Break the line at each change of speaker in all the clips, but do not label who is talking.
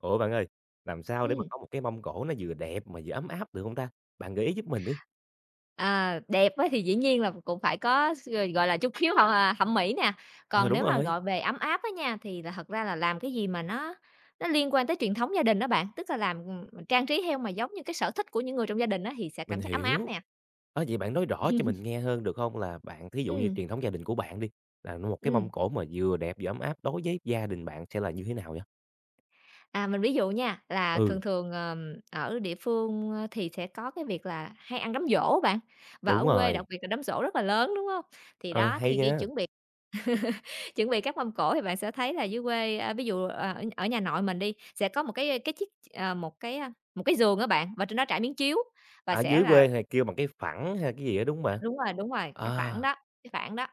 Ủa bạn ơi, làm sao để mà
Ừm.
có một cái mâm cỗ nó vừa đẹp mà vừa ấm áp được hông ta? Bạn gợi ý giúp mình đi.
Ờ, đẹp á thì dĩ nhiên là cũng phải có x gọi là, chút khiếu hoặc, à, thẩm mỹ nè.
Ờ,
Còn
đúng
nếu mà
rồi.
gọi về ấm áp á nha, thì là thật ra là làm cái gì mà nó nó liên quan tới truyền thống gia đình á bạn, tức là làm, ừm, ừm, trang trí theo mà giống như cái sở thích của những người trong gia đình á, thì sẽ
Mình
cảm giác ấm áp
hiểu,
nè.
á vậy bạn nói rõ cho mình nghe hơn được hông là bạn thí dụ như
Ừm.
truyền thống gia đình của bạn đi, là nuôi một cái
Ừm.
mâm cỗ mà vừa đẹp vừa ấm áp đối với gia đình bạn sẽ là như thế nào vậy?
À, mình ví dụ nha, là thường
Ừ.
thường, ờm, ở địa phương, a, thì sẽ có cái việc là hay ăn đám giỗ á bạn, và ở
Đúng
quê đặc
rồi.
biệt là đám giỗ rất là lớn, đúng hông? Thì
Ờ,
đó,
hay
thì khi
nha.
chuẩn bị chuẩn bị các mâm cỗ thì bạn sẽ thấy là dưới quê, a, ví dụ, à, ở ở nhà nội mình đi, sẽ có một cái, a, cái chiếc, ờ, một cái, a, một cái giường á bạn, và trên đó trải miếng chiếu, và
Ở
sẽ
dưới
là
quê hay kêu bằng cái phẳng hay là cái gì đó, đúng hông bạn?
Đúng rồi, đúng rồi, cái phản
À.
đó cái phản đó.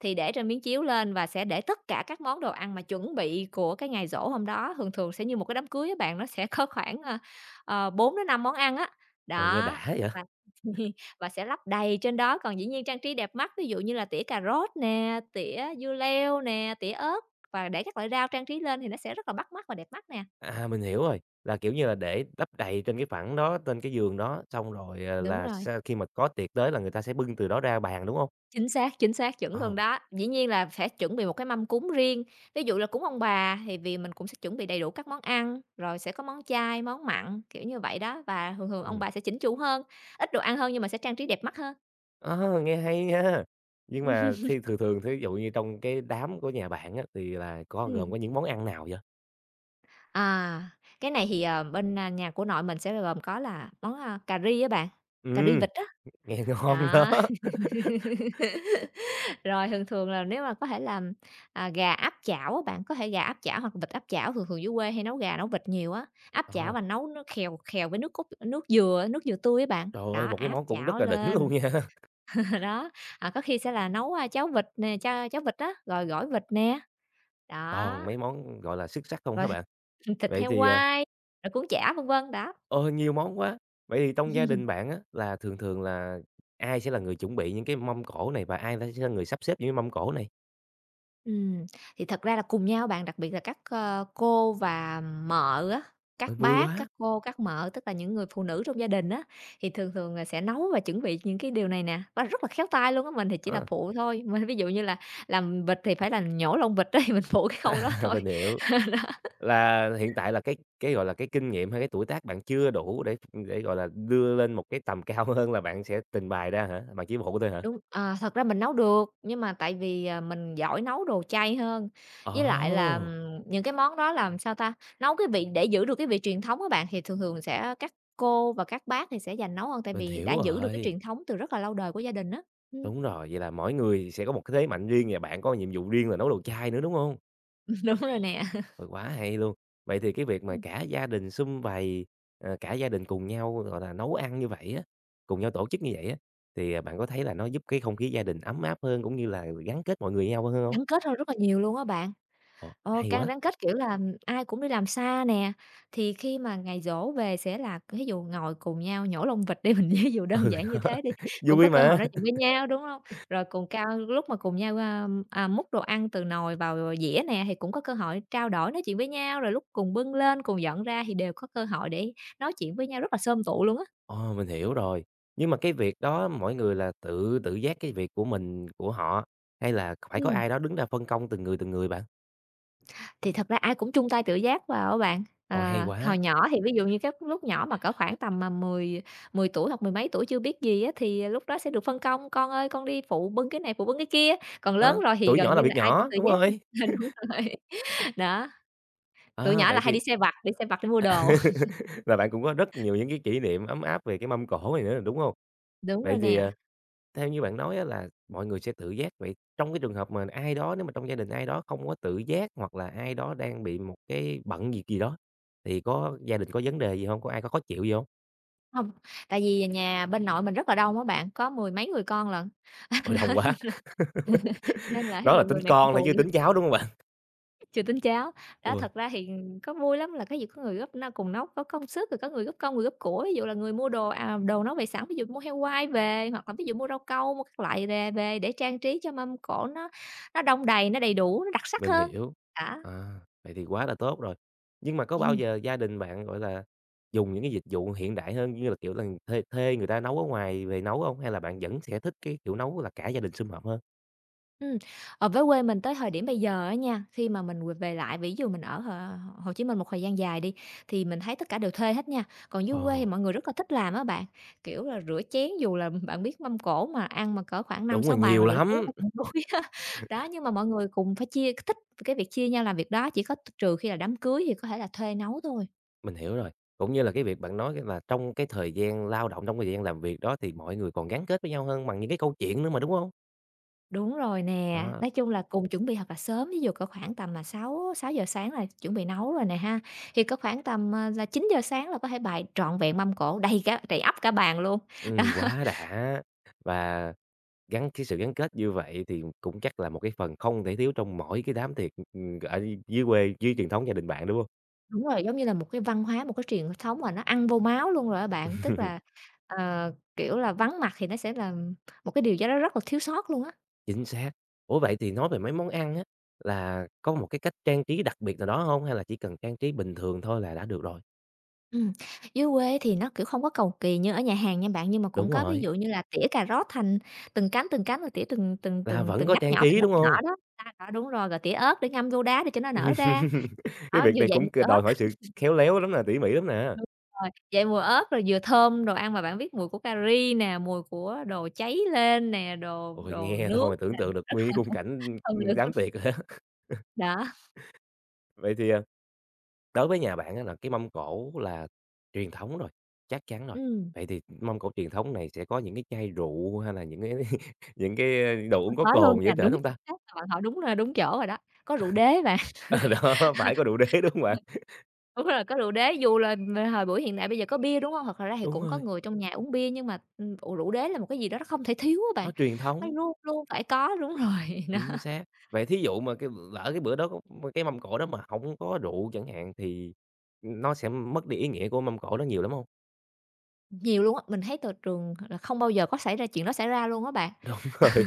Thì để trên miếng chiếu lên và sẽ để tất cả các món đồ ăn mà chuẩn bị của cái ngày giỗ hôm đó. Thường thường sẽ như một cái đám cưới á bạn, nó sẽ có khoảng, ơ, ờ, 4-5 món ăn á,
Ồ, nghe
đó,
đã vậy!
và và sẽ lắp đầy trên đó, còn dĩ nhiên trang trí đẹp mắt, ví dụ như là tỉa cà rốt nè, tỉa dưa leo nè, tỉa ớt và để các loại rau trang trí lên thì nó sẽ rất là bắt mắt và đẹp mắt nè.
À, mình hiểu rồi, là, kiểu như là, để lấp đầy trên cái phẳng đó, trên cái giường đó xong rồi, à,
Đúng
là
rồi.
sau khi mà có tiệc tới là người ta sẽ bưng từ đó ra bàn, đúng hông?
Chính xác, chính xác, chuẩn luôn
Ờ.
đó, dĩ nhiên là sẽ chuẩn bị một cái mâm cúng riêng. Ví dụ là cúng ông bà thì vì mình cũng sẽ chuẩn bị đầy đủ các món ăn, rồi sẽ có món chay, món mặn, kiểu như vậy đó. Và thường thường ông
Ừm.
bà sẽ chỉnh chủ hơn, ít đồ ăn hơn nhưng mà sẽ trang trí đẹp mắt hơn.
A, nghe hay nha. Nhưng mà
Ừm.
thi thường thường, thí dụ như trong cái đám của nhà bạn á, thì là có gồm
Ừm.
có những món ăn nào vậy?
À, cái này thì, ờ, bên, a, nhà của nội mình sẽ bao gồm có là món, a, cà ri á bạn, cà ri
Ừm.
vịt á.
Nghe ngon đó.
Đó. Rồi thường thường là nếu mà có thể làm, à, gà áp chảo á bạn, có thể gà áp chảo hoặc vịt áp chảo, thường thường dưới quê hay nấu gà nấu vịt nhiều á. Áp chảo
Ờ.
và nấu nước khèo khèo với nước cốt nước dừa nước dừa tươi á bạn.
Trời ơi,
Đó,
một cái
áp
món cũng rất
chảo
là đỉnh
lên.
luôn nha!
Đó. À, có khi sẽ là nấu, a, cháo vịt nè, chao cháo vịt á, rồi gỏi vịt nè.
Toàn
Đó.
mấy món, ừm, gọi là, xuất sắc không
Rồi
hả bạn?
thịt thịt
Vậy
heo
thì à
quay, rồi cuốn chả, vân vân, đó.
Ờ, nhiều món quá! Vậy thì trong gia đình bạn á, là thường thường là ai sẽ là người chuẩn bị những cái mâm cỗ này? Và ai la sẽ là người sắp xếp những mâm cỗ này?
Ừm, thì thật ra là cùng nhau á bạn. Đặc biệt là các, ơ, cô và mợ á,
Ờ,
các
vui
bác,
quá!
các cô, các mợ, tức là những người phụ nữ trong gia đình á, thì thường thường là sẽ nấu và chuẩn bị những cái điều này nè, và rất là khéo tay luôn á. Mình thì chỉ là
Ờ.
phụ thôi, mình, ví dụ như là làm vịt thì phải là nhổ lông vịt ấy, mình phụ cái khâu đó
À,
thôi. Ờ, đó.
mình hiểu. Là hiện tại là cái cái, gọi là, cái kinh nghiệm hay cái tuổi tác bạn chưa đủ để ưm, để, gọi là, đưa lên một cái tầm cao hơn là bạn sẽ tình bày ra hả? Bạn chỉ phụ thôi hả?
Đúng. À, thật ra mình nấu được, nhưng mà tại vì, à, mình giỏi nấu đồ chay hơn, với lại là,
Ồ!
ừm, những cái món đó, làm sao ta, nấu cái vị để giữ được cái vị truyền thống á bạn, thì thường thường sẽ các cô và các bác thì sẽ giành nấu hơn tại
Mình
vì đã
hiểu
giữ được cái
rồi.
truyền thống từ rất là lâu đời của gia đình á, ừm.
Đúng rồi, vậy là mỗi người sẽ có một cái thế mạnh riêng và bạn có nhiệm vụ riêng là nấu đồ chay nữa, đúng hông?
Đúng rồi nè.
Ừ, quá hay luôn, vậy thì cái việc mà
Ừm.
cả gia đình sum vầy, rồi cả gia đình cùng nhau, gọi là, nấu ăn như vậy á, cùng nhau tổ chức như vậy á, thì, à, bạn có thấy là nó giúp cái không khí gia đình ấm áp hơn cũng như là gắn kết mọi người với nhau hơn hông?
Gắn kết hơn rất là nhiều luôn á bạn,
Ồ,
ờ,
hay
càng
quá.
rắn kết, kiểu, là ai cũng đi làm xa nè, thì khi mà ngày giỗ về sẽ là thí dụ ngồi cùng nhau nhổ lông vịt đi mình ví dụ đơn
Ừ,
giản như
đó,
thế đi, cũng
vui
có cơ hội
mà.
nói chuyện với nhau, đúng hông? Rồi cùng cao lúc mà cùng nhau, a, à, múc đồ ăn từ nồi vào dĩa nè, thì cũng có cơ hội trao đổi nói chuyện với nhau, rồi lúc cùng bưng lên cùng dọn ra thì đều có cơ hội để nói chuyện với nhau rất là xôm tụ luôn á.
Ồ, mình hiểu rồi, nhưng mà cái việc đó mỗi người là tự tự giác cái việc của mình của họ, hay là phải có
Ừm.
ai đó đứng ra phân công từng người, từng người bạn?
Thì thật ra ai cũng chung tay tự giác vào á bạn,
Ô, hay
ờ, hồi
quá.
nhỏ thì ví dụ như cái lúc nhỏ mà cỡ khoảng tầm, à, mười mười tuổi hoặc mười mấy tuổi chưa biết gì á, thì lúc đó sẽ được phân công, "Con ơi, con đi phụ bưng cái này, phụ bưng cái kia", còn lớn
Ơ,
rồi thì
tuổi
gần
nhỏ
như
làm việc
là ai cũng
nhỏ,
tự
đúng
giác à,
rồi.
ờ, đúng rồi đó, tụi
À,
nhỏ
vậy
là hay đi
thì
sai vặt, đi sai vặt đi mua đồ.
và bạn cũng có rất nhiều những cái kỷ niệm ấm áp về cái mâm cổ này nữa, đúng hông?
Đúng rồi
Vậy thì,
nè.
ờ, theo như bạn nói á, là mọi người sẽ tự giác, vậy trong cái trường hợp mà ai đó nếu mà trong gia đình ai đó không có tự giác hoặc là ai đó đang bị một cái bận việc gì đó thì có gia đình có vấn đề gì hông? Có ai có khó chịu gì hông?
Hông. Tại vì nhà bên nội mình rất là đông á bạn, có mười mấy người con lận,
Ôi, đông quá.
thế nên là nên là thí
Đó là
dụ
tính
người này không
con thôi,
phụ
chưa
được
tính cháu, đúng không bạn?
Chưa tín cháu. Đó,
Ôi!
thật ra thì có vui lắm là cái gì có người góp n cùng nấu, có công sức, rồi có người góp công, người góp của. Ví dụ là người mua đồ, à, đồ nấu về sẵn, ví dụ mua heo quay về, hoặc là ví dụ mua rau câu, mua các loại về về để trang trí cho mâm cỗ nó nó đong đầy, nó đầy đủ, nó đặc sắc
Mình
hơn,
hiểu.
đó.
À, vậy thì quá là tốt rồi! Nhưng mà có bao
Ừm.
giờ gia đình bạn, gọi là, dùng những cái dịch vụ hiện đại hơn, như là, kiểu là, thuê thuê người ta nấu ở ngoài về nấu hông? Hay là bạn vẫn sẽ thích cái kiểu nấu là cả gia đình sum họp hơn?
Ừm, ờ, với quê mình tới thời điểm bây giờ á nha, thi mà mình về về lại, ví dụ mình ở H Hồ Chí Minh một thời gian dài đi, thì mình thấy tất cả đều thuê hết nha. Còn dưới quê thì
Ồ!
mọi người rất là thích làm á bạn, kiểu là, rửa chén dù là bạn biết mâm cổ mà ăn mà cỡ khoảng năm
Đúng
sáu
rồi,
bàn là
nhiều
rửa chén
lắm.
là cũng đuối á. Đó, nhưng mà mọi người cùng phải chia, cái thích cái việc chia nhau làm việc đó, chỉ có tr trừ khi là đám cưới thì có thể là thuê nấu thôi.
Mình hiểu rồi. Cũng như là cái việc bạn nói, có nghĩa là trong cái thời gian lao động, trong cái thời gian làm việc đó thì mọi người còn gắn kết với nhau hơn bằng những cái câu chuyện nữa mà, đúng hông?
Đúng rồi nè,
Đó.
nói chung là cùng chuẩn bị thật là sớm, ví dụ có khoảng tầm là sáu sáu giờ sáng là chuẩn bị nấu rồi nè ha, thì có khoảng tầm, à, là 9:00 sáng là có thể bày trọn vẹn mâm cỗ, đầy cả đầy ắp cả bàn luôn, đó.
Ừm, quá đã! Và gắn cái sự gắn kết như vậy thì cũng chắc là một cái phần không thể thiếu trong mỗi cái đám tiệc, ừm, ở dưới quê dưới truyền thống gia đình bạn, đúng hông?
Đúng rồi, giống như là một cái văn hóa, một cái truyền thống mà nó ăn vô máu luôn rồi á bạn, tức là, ờ, kiểu là, vắng mặt thì nó sẽ là một cái điều gì đó rất là thiếu sót luôn á.
Chính xác. Ủa, vậy thì nói về mấy món ăn á, là có một cái cách trang trí đặc biệt nào đó hông hay là chỉ cần trang trí bình thường thôi là đã được rồi?
Ừm, dưới quê thì nó, kiểu, không có cầu kỳ như ở nhà hàng nha bạn, nhưng mà cũng
Đúng
có ví
rồi.
dụ như là tỉa cà rốt thành từng cánh, từng cánh và tỉa từng từng
Là
từng
vẫn
từng
có
ngắt
trang
nhỏ, từng
trí,
ngắt
đúng
nhỏ
hông?
đó. [unintelligible] Đúng rồi, rồi tỉa ớt để ngâm vô đá để cho nó nở ra,
Cái
đó,
việc
vừa
này
dậy
cũng
mùi
c
ớt.
đòi hỏi sự khéo léo lắm nè, tỉ mỉ lắm nè.
Đúng rồi, dậy mùi ớt rồi vừa thơm, đồ ăn mà bạn biết mùi của cà ri nè, mùi của đồ cháy lên nè, đồ
Ôi,
đồ
nghe
nướng
thôi
nè,
tưởng tượng được
rất là
nguyên khung
[unintelligible]
cảnh, ưm,
thơm
ưm,
lừng
đám
[unintelligible]
tiệc á.
Đó.
Vậy thì, à, đối với nhà bạn á, là cái mâm cỗ là truyền thống rồi, chắc chắn rồi,
Ừm.
vậy thì mâm cỗ truyền thống này sẽ có những cái chai rượu hay là những cái những cái đồ uống có
Có luôn
cồn gì ở
nha.
trển
Đúng,
hông
chính
ta?
xác, bạn hỏi đúng nơi đúng chỗ rồi đó, có rượu đế bạn.
À, đó phải có rượu đế, đúng hông bạn?
Đúng rồi, có rượu đế, dù là thời buổi hiện đại bây giờ có bia, đúng hông? Hoặc thật ra thì
Đúng
cũng có
rồi.
người trong nhà uống bia nhưng mà, ưm, ủ rượu đế là một cái gì đó nó không thể thiếu á
Nó
bạn,
truyền
nó
thống.
luôn luôn phải có đúng rồi, đó.
Chính xác, vậy thí dụ mà cái lỡ cái bữa đó có cái mâm cỗ đó mà hổng có rượu chẳng hạn, thì, ừm, nó sẽ mất đi ý nghĩa của mâm cỗ đó nhiều lắm hông?
Nhiều luôn á, mình thấy t trường là không bao giờ có xảy ra chuyện đó xảy ra luôn á bạn.
Đúng rồi.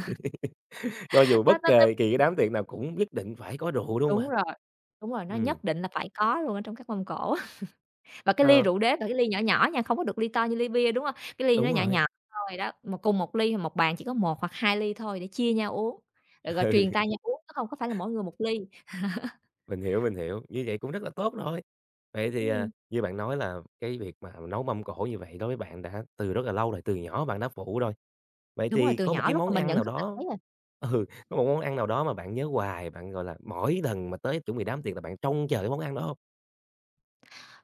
Cho dù
Nó
bất
nó nó
kề kỳ cái đám tiệc nào cũng nhất định phải có rượu, đúng hông
Đúng
bạn?
rồi, đúng rồi, nó
Ừm.
nhất định là phải có luôn ở trong các mâm cỗ á. Và cái ly
Ờ.
rượu đế là cái ly nhỏ nhỏ nha, không có được ly to như ly bia, đúng hông? Cái ly nó
Đúng
nhỏ
rồi.
nhỏ thôi đó, mà cùng một ly là 1 bàn chỉ có 1 hoặc 2 ly thôi để chia nhau uống. Rồi rồi
Ừ.
truyền tay nhau uống chứ hông có phải là mỗi người 1 ly.
Mình hiểu, mình hiểu, như vậy cũng rất là tốt rồi! Vậy thì, à,
Ừm.
như bạn nói là cái việc mà nấu mâm cỗ như vậy đối với bạn đã từ rất là lâu rồi, từ nhỏ bạn đã phụ rồi, vậy
Đúng rồi,
thì
từ
có một
nhỏ
cái
lúc
món
mà mình
ăn
nhận
nào
thức là
đó
thấy rồi.
ừ, có một món ăn nào đó mà bạn nhớ hoài, bạn, gọi là, mỗi lần mà tới chuẩn bị đám tiệc là bạn trông chờ cái món ăn đó hông?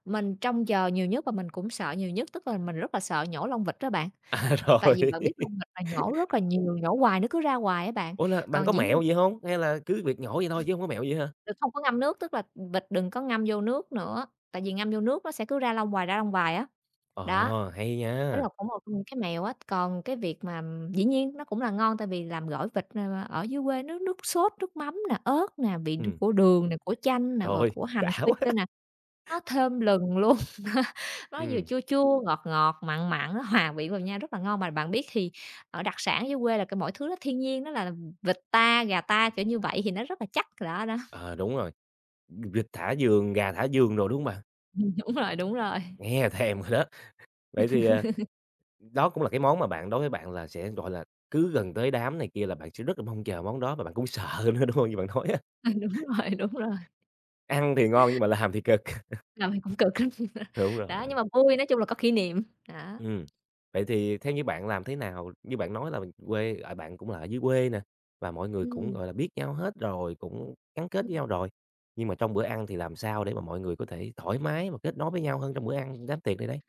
Mình trông chờ nhiều nhất và mình cũng sợ nhiều nhất, tức là mình rất là sợ nhổ lông vịt á bạn.
À,
Tại
rồi.
vì bạn biết lông vịt là nhổ rất là nhiều, nhổ hoài nó cứ ra hoài á bạn,
Ủa, là bạn có
còn dĩ nhiên
mẹo gì hông? Hay là cứ việc nhổ vậy thôi chứ hông có mẹo gì á hả?
Vịt không có ngâm nước, tức là, ừm, vịt đừng có ngâm vô nước nữa, tại vì ngâm vô nước nó sẽ cứ ra lông hoài, ra lông hoài á, đó.
Ờ, hay
Đó
nha!
là cũng một trong những cái mẹo á, còn cái việc mà dĩ nhiên nó cũng là ngon tại vì làm gỏi vịt, ờ, ờ, dưới quê nước nước sốt, nước mắm nè, ớt nè, vị đ
Ừm.
của đường nè, của chanh nè,
Trời
rồi
ơi,
của hành
đã
phi
quá!
nữa nè, nó thơm lừng luôn. Nó vừa
Ừm.
chua chua, ngọt ngọt, mặn mặn, nó hòa vị vào nhau rất là ngon. Mà bạn biết thì ở đặc sản dưới quê là c mọi thứ nó thiên nhiên, nó là vịt ta, gà ta, kiểu như vậy, thì nó rất là chắc, đó, đó.
Ờ, đúng rồi, v vịt thả vườn, gà thả vườn đồ, đúng hông bạn?
Ừm, đúng rồi, đúng rồi.
Nghe là thèm rồi đó! Vậy thì, à, đó cũng là cái món mà bạn đối với bạn là sẽ, gọi là, cứ gần tới đám này kia là bạn sẽ rất là mong chờ món đó mà bạn cũng sợ nữa, đúng hông? Như bạn nói á.
Ừm, đúng rồi, đúng rồi.
Ăn thì ngon nhưng mà là làm thì cực.
Làm thì cũng cực lắm,
Đúng
đó, nhưng
rồi.
mà vui, nói chung là có kỷ niệm, đó.
Ừm, vậy thì theo như bạn làm thế nào như bạn nói là quê, à, bạn cũng là ở dưới quê nè, và mọi người cũng,
Ừm.
gọi là, biết nhau hết rồi, cũng gắn kết
Ừm.
nhau rồi. Nhưng mà trong bữa ăn thì làm sao để mà mọi người có thể thoải mái và kết nối với nhau hơn trong bữa ăn đám tiệc này đây?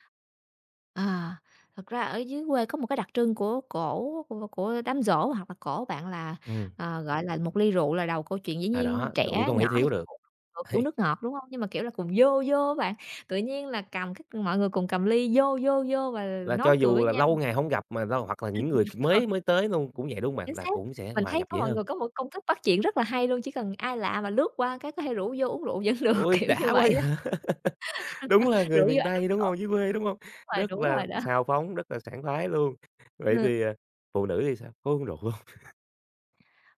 À, thật ra ở dưới quê có một cái đặc trưng của cỗ, của của đám giỗ hoặc là cỗ bạn là,
Ừm.
ờ, gọi là, 1 ly rượu là đầu câu chuyện. Dĩ
À,
nhiên
đó, rượu
trẻ
không
nhỏ
thể
thì
thiếu được.
[unintelligible] phải uống
Ấy.
nước ngọt, đúng hông? Nhưng mà, kiểu là, cùng "vô, vô" á bạn, tự nhiên là cầm cái mọi người cùng cầm ly "vô, vô, vô" và l
Là cho
nói cười
dù
với
là
nhau.
lâu ngày hổng gặp mà lâu hoặc là những người mới
[unintelligible]
mới tới luôn cũng vậy, đúng hông bạn?
Chính
Là
xác,
cũng sẽ
mình
hòa
thấy
nhập
có
dễ
mọi
hơn.
người có một cái công thức bắt chuyện rất là hay luôn, chỉ cần ai lạ mà lướt qua cái có hay rủ vô uống rượu vẫn được,
Ui,
kiểu như
đã quá
vậy
vậy?
đó.
Đúng là
Rủ
người
vô
miền
ăn đám
Tây, đúng
giỗ.
hông? Dưới quê, đúng hông?
Đúng rồi,
Rất
đúng
là
rồi đó.
xào phóng, rất là sảng khoái luôn! Vậy
Ừ.
thì, à, phụ nữ thì sao, có uống rượu hông?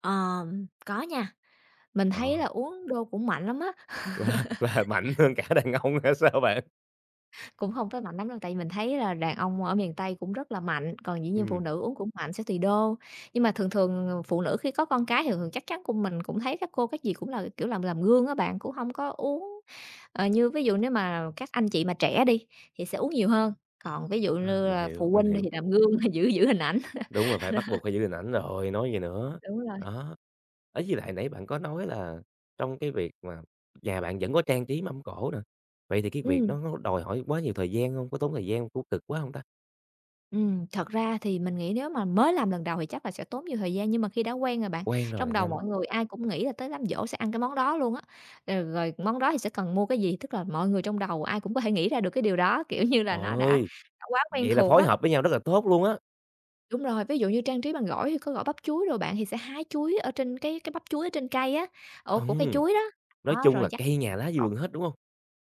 Ờm, có nha, mình thấy
Ờ.
là uống đô cũng mạnh lắm á.
Và và mạnh hơn cả đàn ông hay sao bạn?
Cũng hông tới mạnh lắm đâu, tại vì mình thấy là đàn ông ở miền Tây cũng rất là mạnh, còn dĩ nhiên phụ
Ừm.
nữ uống cũng mạnh sẽ tùy đô. Nhưng mà thường thường, ờ, phụ nữ khi có con cái thì thường thường chắc chắn của mình cũng thấy các cô các gì cũng là, kiểu, làm làm gương á bạn, cũng không có uống. Ờ, như ví dụ nếu mà các anh chị mà trẻ đi, thì sẽ uống nhiều hơn, còn ví dụ
À,
nư
mình
là
hiểu,
phụ
mình
huynh thì
hiểu.
làm gương giữ giữ hình ảnh.
Đúng rồi, phải bắt buộc phải giữ hình ảnh rồi, nói gì nữa,
Đúng rồi.
đó. Đấy, với lại nãy bạn có nói là trong cái việc mà nhà bạn vẫn có trang trí mâm cỗ nè, vậy thì cái việc
Ừm.
đó nó đòi hỏi quá nhiều thời gian hông, có tốn thời gian hông, có cực quá hông ta?
Ừm, thật ra thì mình nghĩ nếu mà mới làm lần đầu thì chắc là sẽ tốn nhiều thời gian, nhưng mà khi đã quen rồi bạn
Quen rồi là
trong đầu
nhanh.
mọi người ai cũng nghĩ là tới đám giỗ sẽ ăn cái món đó luôn á. Rồi rồi món đó thì sẽ cần mua cái gì, tức là mọi người trong đầu ai cũng có thể nghĩ ra được cái điều đó, kiểu như là,
Trời
nó đã
ơi,
đã quá quen
vậy là
thuộc
phối
á.
hợp với nhau rất là tốt luôn á!
Đúng rồi, ví dụ như trang trí bằng gỏi thì có gỏi bắp chuối đồ bạn, thì sẽ hái chuối ở trên cái cái bắp chuối ở trên cây á, ổ của cây
Ừm!
chuối đó,
Nói
đó
chung
rồi
là
vắt
cây nhà lá vườn hết, đúng hông?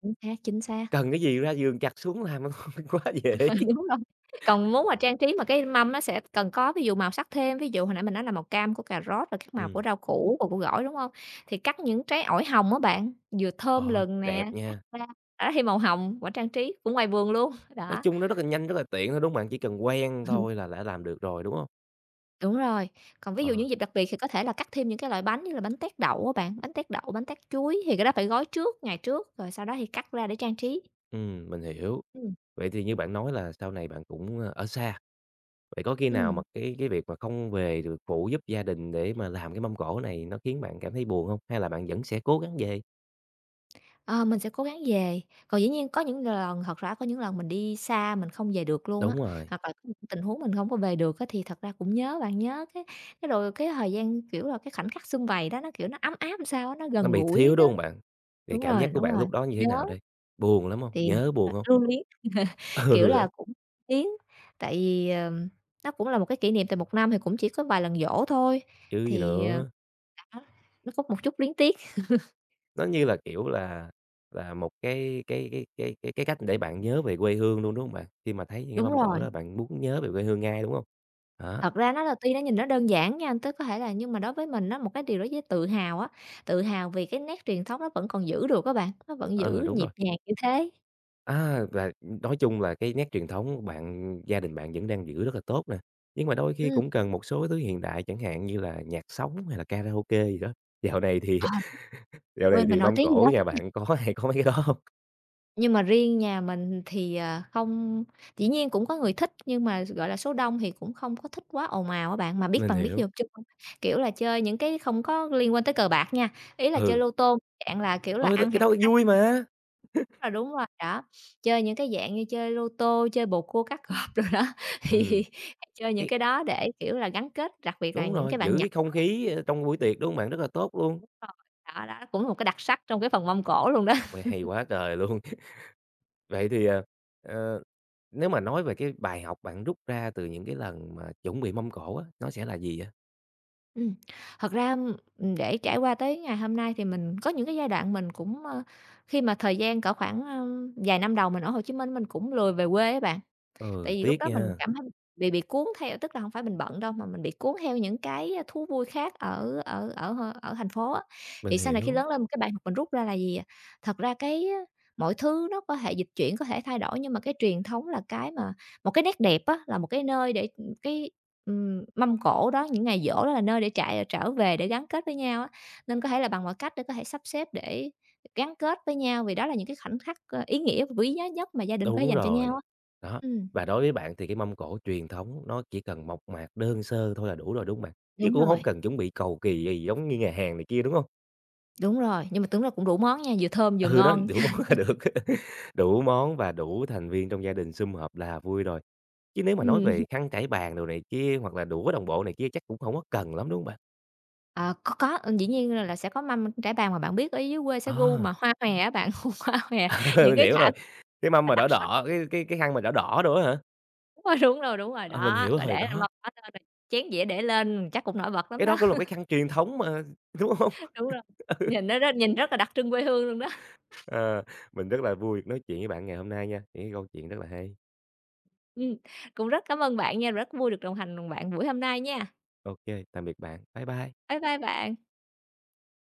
[unintelligible] xác, chính xác.
Cần cái gì ra vườn chặt xuống làm luôn, quá dễ.
Đúng rồi, còn muốn mà trang trí mà cái mâm nó sẽ cần có ví dụ màu sắc thêm, ví dụ hồi nãy mình nói là màu cam của cà rốt và các màu của
Ừm.
rau củ và của gỏi, đúng hông? Thì cắt những trái ổi hồng á bạn, vừa thơm
Ôi,
lừng
đẹp
nè, cắt
nha.
ra, đó thì màu hồng quả trang trí cũng ngoài vườn luôn,
Nói
đó.
chung nó rất là nhanh, rất là tiện thôi, đúng hông bạn? Chỉ cần quen thôi là đã làm được rồi, đúng hông?
Đúng rồi. Còn ví dụ những
Ờ.
dịp đặc biệt thì có thể là cắt thêm những cái loại bánh như là bánh tét đậu á bạn. Bánh tét đậu, bánh tét chuối thì cái đó phải gói trước ngày trước, rồi sau đó thì cắt ra để trang trí.
Ừm, mình hiểu.
Ừm.
Vậy thì như bạn nói là sau này bạn cũng, ơ, ở xa, vậy có khi nào mà
Ừm.
cái cái việc mà không về được phụ giúp gia đình để mà làm cái mâm cỗ này nó khiến bạn cảm thấy buồn hông? Hay là bạn vẫn sẽ cố gắng về?
Ờ, mình sẽ cố gắng về. Còn dĩ nhiên có những l lần, thật ra, có những lần mình đi xa mình không về được luôn á,
Đúng rồi.
hoặc là có những tình huống mình hổng có về được á, thì thật ra cũng nhớ bạn. Nhớ, cái cái, rồi cái thời gian, kiểu là, cái khoảnh khắc sum vầy đó nó, kiểu, nó ấm áp làm sao á, nó
Nó
gần
bị
gũi
thiếu,
nó
đúng hông bạn? Vậy
đúng
cảm
rồi,
giác của
đúng
bạn
rồi,
lúc đó như thế
nhớ.
nào đây? Buồn lắm hông,
Thì,
nhớ,
ờ,
buồn hông?
lưu luyến, kiểu
Ừ,
là,
đó.
cũng tiến. Tại vì, ờm, nó cũng là một cái kỷ niệm, tại một năm thì cũng chỉ có vài lần giỗ thôi,
Chứ gì
thì, ờ
nữa.
đó, nó có một chút luyến tiếc.
Nó, như là kiểu, là là một, cái cái cái cái cái cái cách để bạn nhớ về quê hương luôn, đúng hông bạn? Khi mà thấy những cái
Đúng
mâm cỗ
rồi.
đó bạn muốn nhớ về quê hương ngay, đúng hông? Đó.
Thật ra, nó là tuy nó nhìn nó đơn giản nha, tức có thể là nhưng mà đối với mình á, một cái điều đối với tự hào á, tự hào vì cái nét truyền thống nó vẫn còn giữ được á bạn, nó vẫn
Ờ,
giữ
đúng rồi.
nhịp nhàng như thế.
À, là, ừm, nói chung là cái nét truyền thống bạn gia đình bạn vẫn đang giữ rất là tốt nè, nhưng mà đôi khi
Ừm.
cũng cần một số thứ hiện đại chẳng hạn như là nhạc sống, hay là karaoke gì đó, dạo này thì
Ờ.
dạo
Quê
này
mình
thì
nổi
mâm
tiếng vậy đó.
cỗ nhà
[unintelligible]
bạn có hay có mấy cái đó hông?
Nhưng mà riêng nhà mình thì, à, không dĩ nhiên cũng có người thích, nhưng mà, gọi là, số đông thì cũng không có thích quá ồn ào á bạn, mà biết
Mình
bạn biết,
hiểu.
[unintelligible] kiểu là, chơi những cái không có liên quan tới cờ bạc nha, ý là chơi
Ừ.
lô tô, dạng là kiểu là
Ôi! Thực
ăn
cái
hạt
đó cũng vui
[unintelligible]
mà.
Ờ, đúng [unintelligible] đó, chơi những cái dạng như chơi lô tô, chơi bầu cua cá cọp đồ đó
Ừm,
thì chơi những
cái
cái đó để, kiểu là, gắn kết, đặc biệt là
Đúng
những
rồi,
cái bạn
giữ
nhỏ
cái không
á.
khí, ơ, trong buổi tiệc, đúng hông bạn? Rất là tốt luôn.
Đúng rồi, đó đó, cũng là một cái đặc sắc trong cái phần mâm cỗ luôn đó.
Ôi, hay quá trời luôn. Vậy thì, ờ, ờ, nếu mà nói về cái bài học bạn rút ra từ những cái lần mà chuẩn bị mâm cỗ á, nó sẽ là gì vậy?
Ừm, thật ra, ưm, ừm, để trải qua tới ngày hôm nay thì mình có những cái giai đoạn mình cũng, ơ, khi mà thời gian cỡ khoảng, ơm, vài năm đầu mình ở Hồ Chí Minh mình cũng lười về quê á bạn. Tại
Ừ,
vì lúc
tiếc
đó mình
nha.
cảm thấy bị bị cuốn theo tức là hông phải mình bận đâu mà mình bị cuốn theo những cái thú vui khác ở ở ở h ở thành phố á,
Mình
thì sau này khi
hiểu.
lớn lên một cái bài học mình rút ra là gì, à, thật ra cái mọi thứ nó có thể dịch chuyển, có thể thay đổi, nhưng mà cái truyền thống là cái mà một cái nét đẹp á, là một cái nơi để, ừm, cái, ừm, mâm cỗ đó, những ngày giỗ đó là nơi để trạ trở về để gắn kết với nhau á, nên có thể là bằng mọi cách để có thể sắp xếp để gắn kết với nhau, vì đó là những cái khoảnh khắc, ơ, ý nghĩa quý giá nhất mà gia đình có thể
Đúng
dành cho nhau
rồi,
á.
đó,
Ừm.
và đối với bạn thì cái mâm cổ truyền thống nó chỉ cần mộc mạc đơn sơ thôi là đủ rồi, đúng hông bạn? Chứ
Đúng
cũng hông
rồi.
cần chuẩn bị cầu kì gì giống như nhà hàng này kia, đúng hông?
Đúng rồi, nhưng mà tấn ra cũng đủ món nha, vừa thơm vừa
Ừ, đó,
ngon.
đủ món là được, đủ món và đủ thành viên trong gia đình sum họp là vui rồi, chứ nếu mà nói
Ừm.
về khăn trải bàn đồ này kia hoặc là đũa đồng bộ này kia chắc cũng hổng có cần lắm, đúng hông bạn?
Ờ, có, có, dĩ nhiên là là sẽ có mâm trải bàn mà bạn biết ở dưới quê sẽ gu mà
À.
hoa hòe á bạn, gu hoa hòe những
Mình
cái
hiểu
thảm
rồi, cái mâm mà
đặc
đỏ
sắc.
đỏ, cái cái cái khăn mà đỏ đỏ đồ á hả?
Đúng rồi, đúng rồi, đúng rồi,
Ờ, mình
đó,
hiểu
rồi để
rồi,
lên
đó.
mâm hết, cho nên là chén dĩa để lên chắc cũng nổi bật lắm
Cái đó
đó.
cũng là một cái khăn truyền thống mà, đúng hông?
Đúng rồi, nhìn nó rất nhìn rất là đặc trưng quê hương luôn đó.
Ờ, mình rất là vui nói chuyện với bạn ngày hôm nay nha, những cái câu chuyện rất là hay.
Ừm, cũng rất cảm ơn bạn nha, rất vui được đồng hành cùng bạn buổi hôm nay nha.
Ô kê, tạm biệt bạn. Bye bye.
Bye bye bạn.